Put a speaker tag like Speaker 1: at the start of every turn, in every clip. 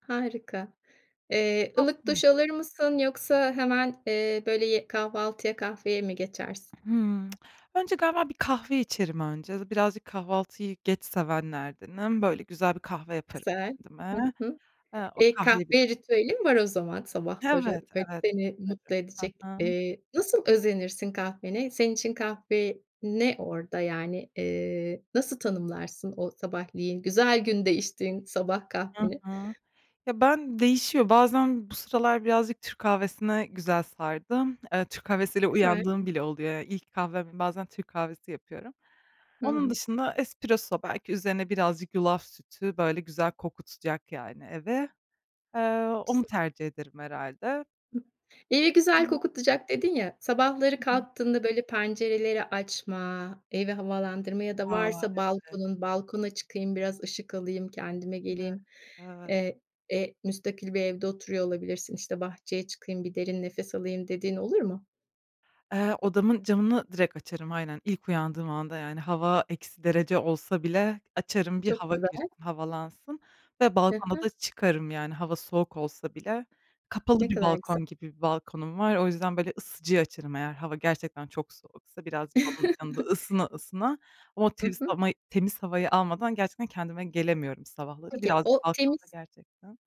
Speaker 1: Harika. Eee,
Speaker 2: [unintelligible]
Speaker 1: ılık
Speaker 2: .Hıh.
Speaker 1: duş alır mısın yoksa hemen, eee, böyle, ye kahvaltıya kahveye mi geçersin?
Speaker 2: Hıı. Önce galiba bir kahve içerim önce. Birazcık kahvaltıyı geç sevenlerdenim. Böyle, güzel bir kahve yaparım
Speaker 1: Güzel.
Speaker 2: kendime.
Speaker 1: Hı hı.
Speaker 2: Eee, o
Speaker 1: Eee,
Speaker 2: kahveyi biraz
Speaker 1: kahve ritüelin var o zaman sabahları,
Speaker 2: Evet,
Speaker 1: böyle,
Speaker 2: evet,
Speaker 1: seni mutlu
Speaker 2: yaparım.
Speaker 1: edecek.
Speaker 2: Hı hı.
Speaker 1: Eee, nasıl özenirsin kahvene? Senin için kahve ne orada, yani, eee, nasıl tanımlarsın, o sabahleyin güzel günde içtiğin sabah
Speaker 2: Hı
Speaker 1: kahveni?
Speaker 2: hı. Ya, ben değişiyor, bazen Bu sıralar birazcık Türk kahvesine güzel sardım. Eee, Türk kahvesiyle
Speaker 1: Güzel.
Speaker 2: uyandığım bile oluyor. İlk kahvem, bazen Türk kahvesi yapıyorum.
Speaker 1: Hı
Speaker 2: Onun
Speaker 1: hı.
Speaker 2: dışında espresso, belki üzerine birazcık yulaf sütü, böyle, güzel kokutacak, yani, evi. Eee, onu tercih ederim herhâlde.
Speaker 1: "Evi güzel
Speaker 2: [unintelligible]
Speaker 1: kokutacak." dedin ya, sabahları
Speaker 2: Hı hı.
Speaker 1: kalktığında, böyle, pencereleri açma, evi havalandırma ya da
Speaker 2: A,
Speaker 1: varsa
Speaker 2: evet.
Speaker 1: balkonun balkona çıkayım biraz ışık alayım, kendime
Speaker 2: Evet,
Speaker 1: geleyim.
Speaker 2: evet.
Speaker 1: Eee, e, müstakil bir evde oturuyor olabilirsin, işte, "Bahçeye çıkayım, bir derin nefes alayım." dediğin oluyor mu?
Speaker 2: Eee, odamın camını direkt açarım, aynen. İlk uyandığım anda, yani, hava eksi derece olsa bile açarım bir
Speaker 1: Çok
Speaker 2: hava girsin,
Speaker 1: güzel.
Speaker 2: havalansın ve
Speaker 1: Hı
Speaker 2: balkona da
Speaker 1: hı.
Speaker 2: çıkarım, yani, hava soğuk olsa bile. Kapalı
Speaker 1: Ne
Speaker 2: bir
Speaker 1: kadar güzel.
Speaker 2: balkon gibi bir balkonum var. O yüzden, böyle, ısıtıcıyı açarım eğer hava gerçekten çok soğuksa, birazcık onun yanında ısına ısına. Ama o
Speaker 1: I
Speaker 2: temiz
Speaker 1: hı.
Speaker 2: hama temiz havayı almadan gerçekten kendime gelemiyorum sabahları.
Speaker 1: Peki, o
Speaker 2: Birazcık
Speaker 1: temiz
Speaker 2: balkonda gerçekten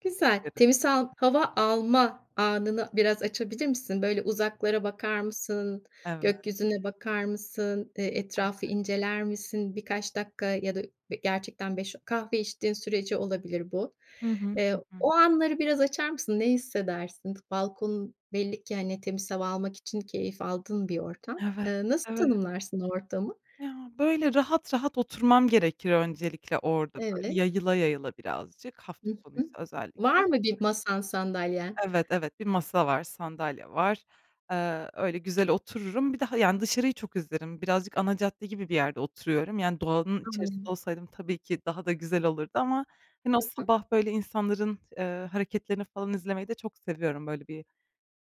Speaker 1: Güzel.
Speaker 2: beklerim.
Speaker 1: Temiz sal hava alma anını biraz açabilir misin? Böyle, uzaklara bakar mısın?
Speaker 2: Evet.
Speaker 1: Gökyüzüne bakar mısın? Eee, etrafı inceler misin? Birkaç dakika ya da, ı gerçekten beş o kahve içtiğin sürece olabilir bu.
Speaker 2: Hı hı. Hı
Speaker 1: Eee,
Speaker 2: hı.
Speaker 1: o anları biraz açar mısın? Ne hissedersin? Balkonun belli ki, hani, temiz hava almak için keyif aldığın bir ortam.
Speaker 2: Evet,
Speaker 1: Eee, nasıl
Speaker 2: evet.
Speaker 1: tanımlarsın o ortamı?
Speaker 2: Ya, böyle, rahat rahat oturmam gerekir öncelikle orada, böyle,
Speaker 1: Evet.
Speaker 2: yayıla yayıla birazcık
Speaker 1: Hı
Speaker 2: hafta
Speaker 1: hı.
Speaker 2: sonuysa özellikle.
Speaker 1: Var mı 1 masan, sandalyen?
Speaker 2: Evet, evet, 1 masa var, sandalye var. Eee, öyle güzel otururum, bir de, ha, yani, dışarıyı çok izlerim. Birazcık ana cadde gibi bir yerde oturuyorum. Yani, doğanın içerisinde
Speaker 1: Anlıyorum.
Speaker 2: olsaydım tabii ki daha da güzel olurdu ama, hani, o
Speaker 1: Hı hı.
Speaker 2: sabah, böyle, insanların, eee, hareketlerini falan izlemeyi de çok seviyorum. Böyle, bir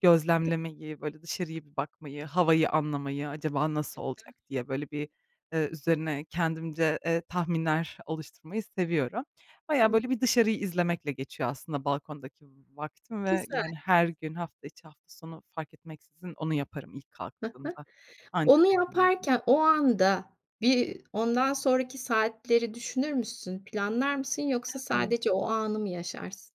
Speaker 2: gözlemlemeyi, böyle, dışarıya bir bakmayı, havayı anlamayı. Acaba nasıl
Speaker 1: Hı hı.
Speaker 2: olacak, diye, böyle, bir, eee, üzerine kendimce, eee, tahminler oluşturmayı seviyorum. Bayağı,
Speaker 1: Hıh.
Speaker 2: böyle, bir dışarıyı izlemekle geçiyor aslında balkondaki vaktim ve,
Speaker 1: Güzel.
Speaker 2: yani, her gün, hafta içi, hafta sonu fark etmeksizin onu yaparım ilk
Speaker 1: Hı hı.
Speaker 2: kalktığımda anca
Speaker 1: Onu
Speaker 2: öyle kendime gelirim.
Speaker 1: yaparken o anda, bir ondan sonraki saatleri düşünür müsün, planlar mısın, yoksa
Speaker 2: Evet.
Speaker 1: sadece o anı mı yaşarsın?